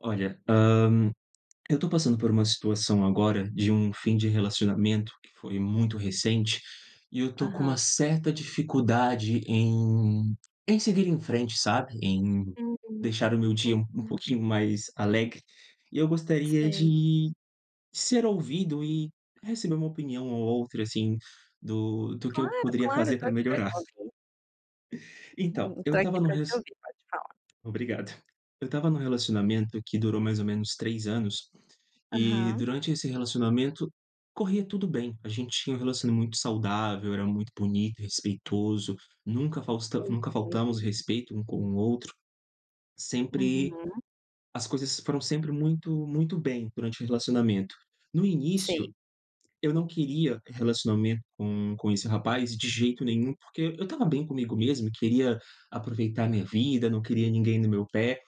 Olha, hã, eu tô passando por uma situação agora de um fim de relacionamento, que foi muito recente, e eu estou com uma Aham. certa dificuldade em em seguir em frente, sabe? Em Uhum. deixar o meu dia um um Uhum. pouquinho mais alegre e eu gostaria Sei. de, ser ouvido e receber uma opinião ou outra, assim, do do que eu Claro, poderia claro, fazer tô pra aqui pra te melhorar. ouvir. Então eu tô estava aqui no pra te res ouvir, pode falar. obrigado. Eu estava num relacionamento que durou mais ou menos 3 anos e Aham. durante esse relacionamento, corria tudo bem. A gente tinha um relacionamento muito saudável, era muito bonito, respeitoso, nunca faltamos, nunca Uhum. faltamos respeito um com o outro. Sempre Uhum. as coisas foram sempre muito muito bem durante o relacionamento. No Sei. início, eu não queria relacionamento com com esse rapaz de jeito nenhum, porque eu estava bem comigo mesmo, e queria aproveitar a minha vida, não queria ninguém no meu pé.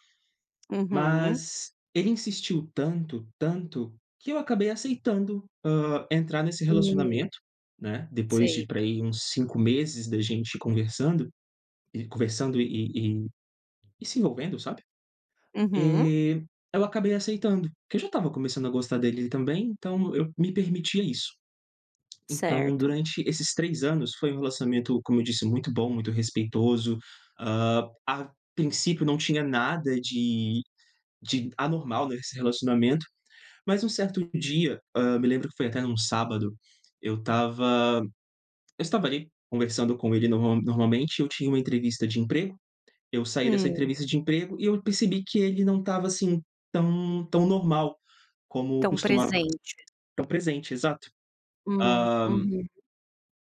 Uhum. Mas ele insistiu tanto, tanto, que eu acabei aceitando, hã, entrar nesse Hum. relacionamento, né? Depois de Sei. pra aí uns 5 meses da gente conversando e conversando e e e e se envolvendo, sabe? Uhum. E eu acabei aceitando. Que eu já estava começando a gostar dele também, então eu me permitia isso. Então, Certo. durante esses 3 anos foi um relacionamento, como eu disse, muito bom, muito respeitoso. Hã, a princípio, não tinha nada de de anormal nesse relacionamento, mas um certo dia, hã, me lembro que foi até num sábado, eu estava eu estava ali conversando com ele normal normalmente, e eu tinha uma entrevista de emprego. Eu saí dessa Hum. entrevista de emprego e eu percebi que ele não estava assim tão tão normal, como Tão costumava. presente. Tão presente, exato. Hum, Hã uhum.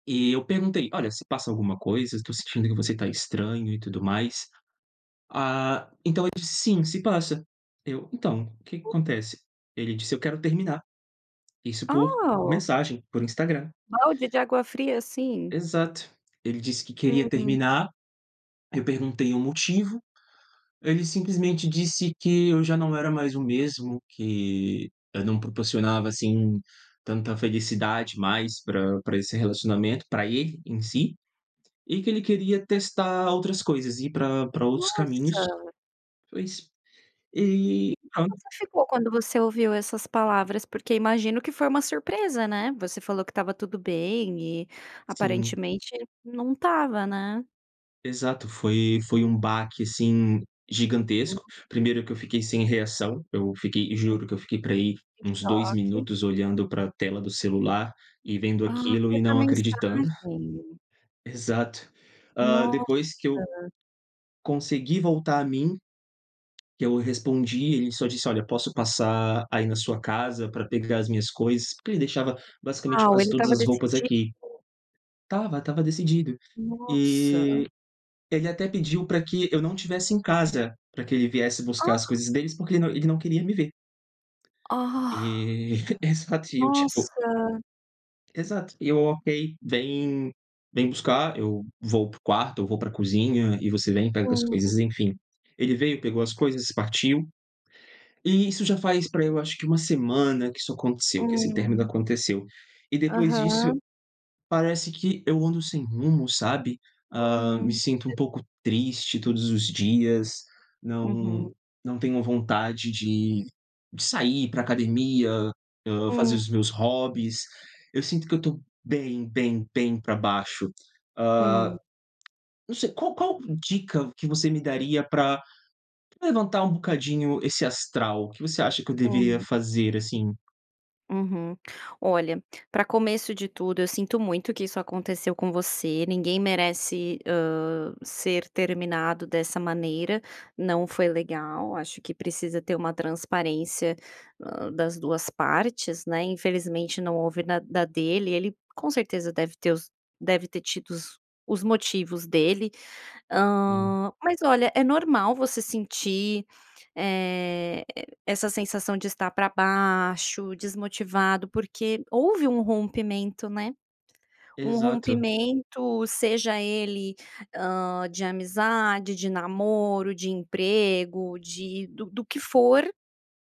E eu perguntei: "Olha, se passa alguma coisa? Eu tô sentindo que você tá estranho e tudo mais". Ah, então ele disse: "Sim, se passa". Eu: "Então, o que que acontece?" Ele disse: "Eu quero terminar". Isso por Ah! mensagem, por Instagram. Balde de água fria assim? Exato. Ele disse que queria Uhum. terminar. Eu perguntei o motivo. Ele simplesmente disse que eu já não era mais o mesmo, que eu não proporcionava, assim, tanta felicidade mais pra pra esse relacionamento, pra ele em si, e que ele queria Ah. testar outras coisas, ir pra pra outros caminhos. Nossa! Foi isso e E como pronto. você ficou quando você ouviu essas palavras? Porque imagino que foi uma surpresa, né, você falou que estava tudo bem e Sim. aparentemente não estava, né. Exato, foi foi um baque assim Hum. gigantesco. Primeiro que eu fiquei sem reação, eu fiquei e Uhum. juro que eu fiquei pra aí Em uns 2 choque. minutos olhando pra tela do celular e vendo Ah, aquilo foi e por não acreditando. mensagem. Exato. Ah, depois que eu Nossa! consegui voltar a mim, que eu respondi, ele só disse: "Olha, eu posso passar aí na sua casa pra pegar as minhas coisas?", porque ele deixava basicamente Uau, quase ele todas estava as roupas decidido. aqui. Estava estava decidido, Nossa. e ele até pediu pra que eu não tivesse em casa pra que ele viesse buscar as Ah! coisas deles, porque ele não ele não queria me ver. Ah. E exato e eu, tipo Nossa. Exato. E eu: "Ok, vem vem buscar, eu vou pra o quarto, ou vou pra a cozinha e você vem e pega as Sim. coisas, enfim". Ele veio, pegou as coisas e partiu. E isso já faz pra aí eu acho que 1 semana que isso aconteceu, que esse término Hum. aconteceu e depois disso, Aham. parece que eu ando sem rumo, sabe, ah, me Hum, sinto um sei. pouco triste todos os dias não Uhum. não tenho vontade de de sair, ir pra academia, ah, fazer Hum. os meus hobbies. Eu sinto que eu tô bem, bem, bem pra baixo. Hum. Ah, não sei, qual qual dica que você me daria pra pra levantar um bocadinho esse astral? Que você acha que eu deveria Hum. fazer, assim? Uhum. Olha, pra começo de tudo, eu sinto muito que isso aconteceu com você, ninguém merece, hã, ser terminado dessa maneira, não foi legal, acho que precisa ter uma transparência, ah, das duas partes, né, infelizmente, não houve na da dele. Ele com certeza deve ter os deve ter tido os os motivos dele. Sim. Hã, mas olha, é normal você sentir, eh, essa sensação de estar pra baixo, desmotivado, porque houve um rompimento, né? Um Exato. rompimento, seja ele, hã, de amizade, de namoro, de emprego, de do do que for,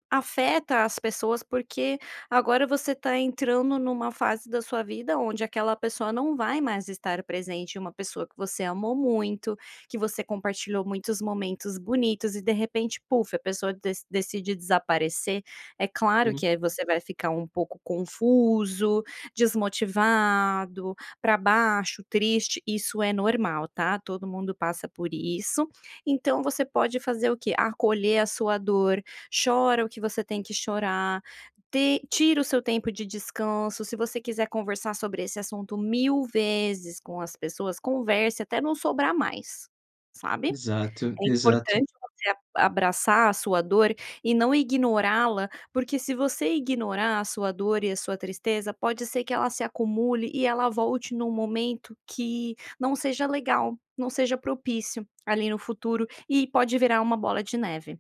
afeta as pessoas, porque agora você tá entrando numa fase da sua vida, onde aquela pessoa não vai mais estar presente, e uma pessoa que você amou muito, que você compartilhou muitos momentos bonitos e de repente "puff", a pessoa dec decide desaparecer. É claro Sim. que é, e você vai ficar um pouco confuso, desmotivado, pra baixo, triste, isso é normal tá, todo mundo passa por isso. Então você pode fazer o quê? Acolher a sua dor, chora o que você tem que chorar, te tira o seu tempo de descanso, se você quiser conversar sobre esse assunto 1000 vezes com as pessoas, converse até não sobrar mais, sabe? Exato É exato. importante você a abraçar a sua dor e não ignorá-la, porque se você ignorar a sua dor e a sua tristeza, pode ser que ela se acumule e ela volte num momento que não seja legal, não seja propício, ali no futuro e pode virar uma bola de neve,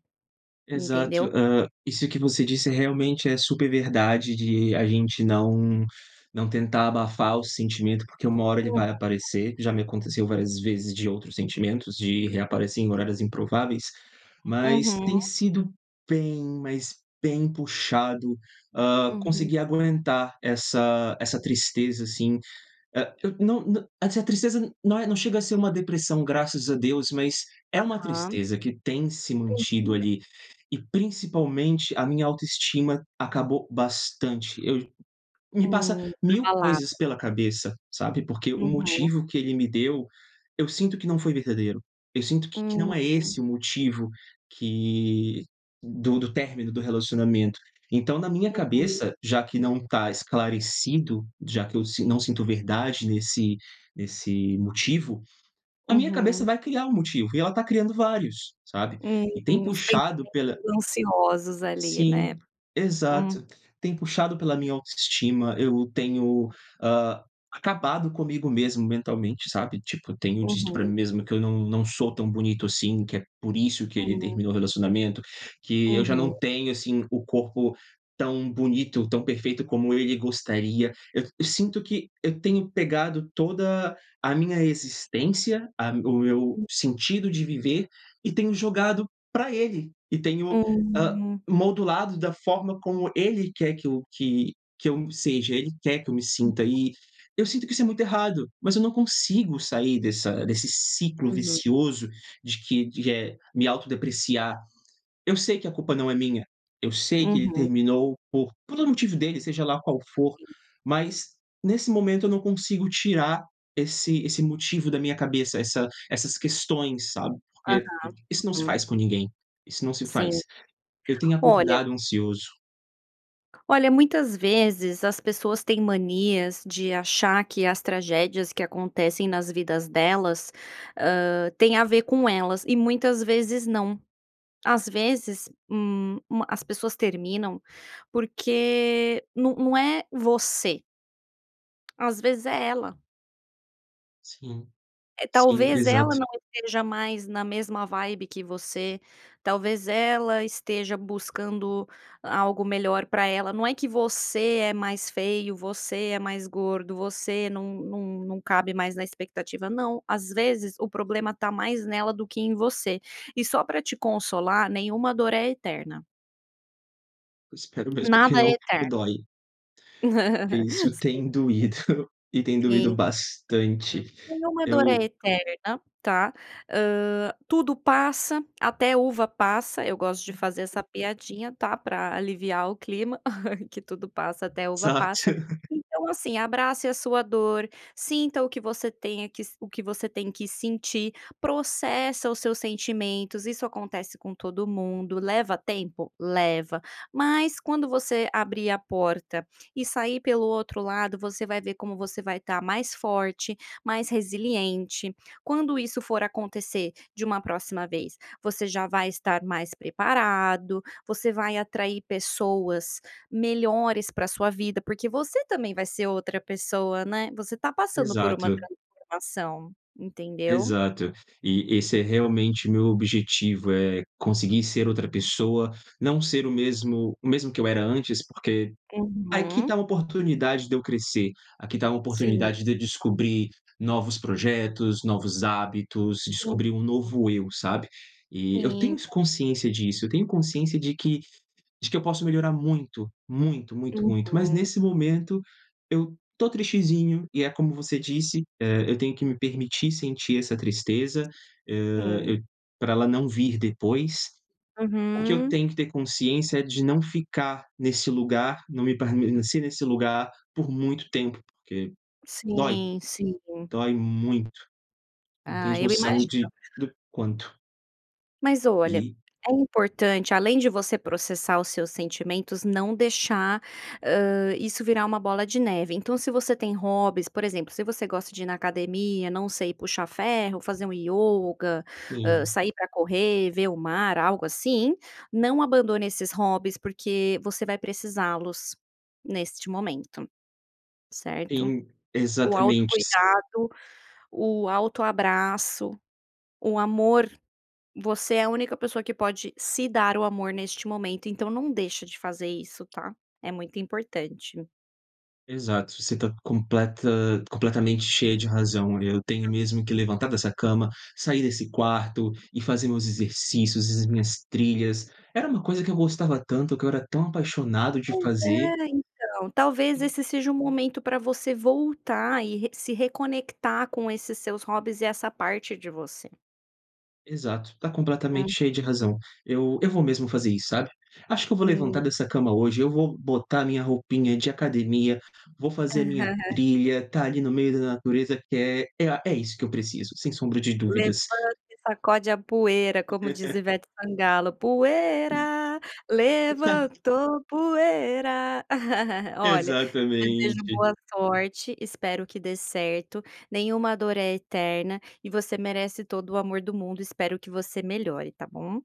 Exato, entendeu? ah, isso que você disse, realmente, é super verdade de a gente não não tentar abafar o sentimento, porque uma hora ele Uhum. vai aparecer, já me aconteceu várias vezes de outros sentimentos de reaparecer em horários improváveis, mas, Uhum. tem sido bem, mais bem, puxado, ah, Uhum. conseguir aguentar essa essa tristeza, assim. Ah, eu não não essa tristeza não é, não chega a ser uma depressão, graças a Deus, mas é uma Aham. tristeza que tem se mantido Sentido. ali e principalmente a minha autoestima acabou bastante. Eu me passa Hum, 1000 abalada. coisas pela cabeça, sabe? Porque o Uhum. motivo que ele me deu, eu sinto que não foi verdadeiro, eu sinto que que não é Uhum. esse o motivo que do do término do relacionamento. Então, na minha Uhum. cabeça, já que não tá esclarecido, já que eu si não sinto verdade nesse nesse motivo, a minha cabeça Uhum. vai criar um motivo e ela tá criando vários, sabe? Uhum, E tem uns puxado pensamentos pela ansiosos ali, Sim, né? Hum. exato, tem puxado pela minha autoestima. Eu tenho, ah, acabado comigo mesmo mentalmente, sabe, tipo, tenho dito pra mim Uhum. mesmo que eu não não sou tão bonito assim, que é por isso que ele Hum. terminou o relacionamento, que eu já Uhum. não tenho, assim, o corpo tão bonito, tão perfeito como ele gostaria. Eu eu sinto que eu tenho pegado toda a minha existência, a o meu Hum. sentido de viver, e tenho jogado pra ele e tenho, ah, Hum. modulado da forma como ele quer que eu que que eu seja, ele quer que eu me Uhum. sinta, e eu sinto que isso é muito errado, mas eu não consigo sair dessa desse ciclo Uhum. vicioso de que de, eh, me autodepreciar. Eu sei que a culpa não é minha, eu sei que ele Uhum. terminou por pelo motivo dele, seja lá qual for, Sim. mas, nesse momento, eu não consigo tirar esse esse motivo da minha cabeça. Essa essas questões, sabe, Aham, porque isso não se uhum. faz com ninguém, isso não se faz. Sim, Eu tenho olha acordado ansioso. Olha, muitas vezes as pessoas têm manias de achar que as tragédias que acontecem nas vidas delas, hã, tem a ver com elas e muitas vezes não, as vezes, hum, ma as pessoas terminam porque não não é você. Às vezes é ela. Sim, É, sim, talvez ela exato. não esteja mais na mesma vibe que você, talvez ela esteja buscando algo melhor pra ela. Não é que você é mais feio, você é mais gordo, você não não não cabe mais na expectativa, não, às vezes, o problema tá mais nela do que em você e só para te consolar nenhuma dor é eterna. Espero mesmo que Nada é não que eterno. dói. Que Sim, isso sim, tem doído e tem sim, doído sim, bastante claro. Nenhuma dor é eu eterna, tá. Hã, tudo passa, até uva passa, eu gosto de fazer essa piadinha, tá pra aliviar o clima que tudo passa, até uva passa. Exato. Então assim, abrace a sua dor, sinta o que você tenha que o que você tem que sentir, processa os seus sentimentos, isso acontece com todo mundo. Leva tempo? Leva, mas quando você abrir a porta e sair pelo outro lado, você vai ver como você vai tá mais forte, mais resiliente. Quando isso for acontecer de uma próxima vez, você já vai estar mais preparado, você vai atrair pessoas melhores para a sua vida, porque você também vai ser outra pessoa, né. Você tá passando por uma Exato. transformação, entendeu? Exato. E esse é realmente meu objetivo, é conseguir ser outra pessoa, não ser o mesmo o mesmo que eu era antes. Porque aqui tá Uhum. uma oportunidade de eu crescer, aqui tá uma Sim. oportunidade de eu descobrir novos projetos, novos hábitos, descobrir um Uhum. novo eu, sabe? E eu tenho Sim, esse cla consciência disso, eu tenho consciência de que de que eu posso melhorar muito, muito, muito, muito! Mas Uhum. nesse momento eu tô tristezinho e é como você disse, eh, eu tenho que me permitir sentir essa tristeza, hã, Hum. eh, pra ela não vir depois. O que eu Uhum. tenho que ter consciência é de não ficar nesse lugar, não me permanecer nesse lugar por muito tempo, porque dói, Sim, sim. dói muito. Não Ah, tens eu noção de imagino. do quanto. Mas olha, E é importante, além de você processar os seus sentimentos, não deixar, hã, isso virar uma bola de neve. Então, se você tem hobbies, por exemplo, se você gosta de ir na academia, não sei, puxar ferro, fazer um yoga, hã, Sim. sair para correr, ver o mar, algo assim, não abandone esses hobbies porque você vai precisá-los neste momento, certo? Sim, O exatamente. Se autocuidado, o autoabraço, o amor, você é a única pessoa que pode se dar o amor neste momento, então, não deixa de fazer isso tá, é muito importante. Exato. Você está completa completamente cheia de razão. Eu tenho mesmo que levantar dessa cama, sair desse quarto e fazer meus exercícios e as minhas trilhas, era uma coisa que eu gostava tanto, que eu era tão apaixonado de Pois fazer. é, então, talvez esse seja um momento para você voltar e re se reconectar com esses seus hobbies e essa parte de você. Exato, tá completamente Hum. cheia de razão. Eu eu vou mesmo fazer isso, sabe? Acho que eu vou levantar Hum. dessa cama hoje eu vou botar minha roupinha de academia. Vou fazer a minha trilha, está ali no meio da natureza, que é a, é é isso que eu preciso, sem sombra de Levante dúvidas. e sacode a poeira, como diz Ivete Sangalo, Sim. poeira, [unintelligible] levantou poeira. Olha, desejo Exatamente. boa sorte. Espero que dê certo. Nenhuma dor é eterna, e você merece todo o amor do mundo. Espero que você melhore, tá bom.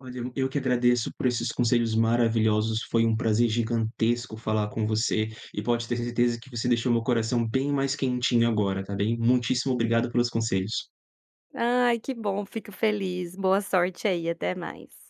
Olha, eu eu que agradeço por esses conselhos maravilhosos. Foi um prazer gigantesco falar com você e pode ter certeza que você deixou meu coração bem mais quentinho agora tá bem, muitíssimo obrigado pelos conselhos. Ai, que bom, fico feliz, boa sorte aí, até mais.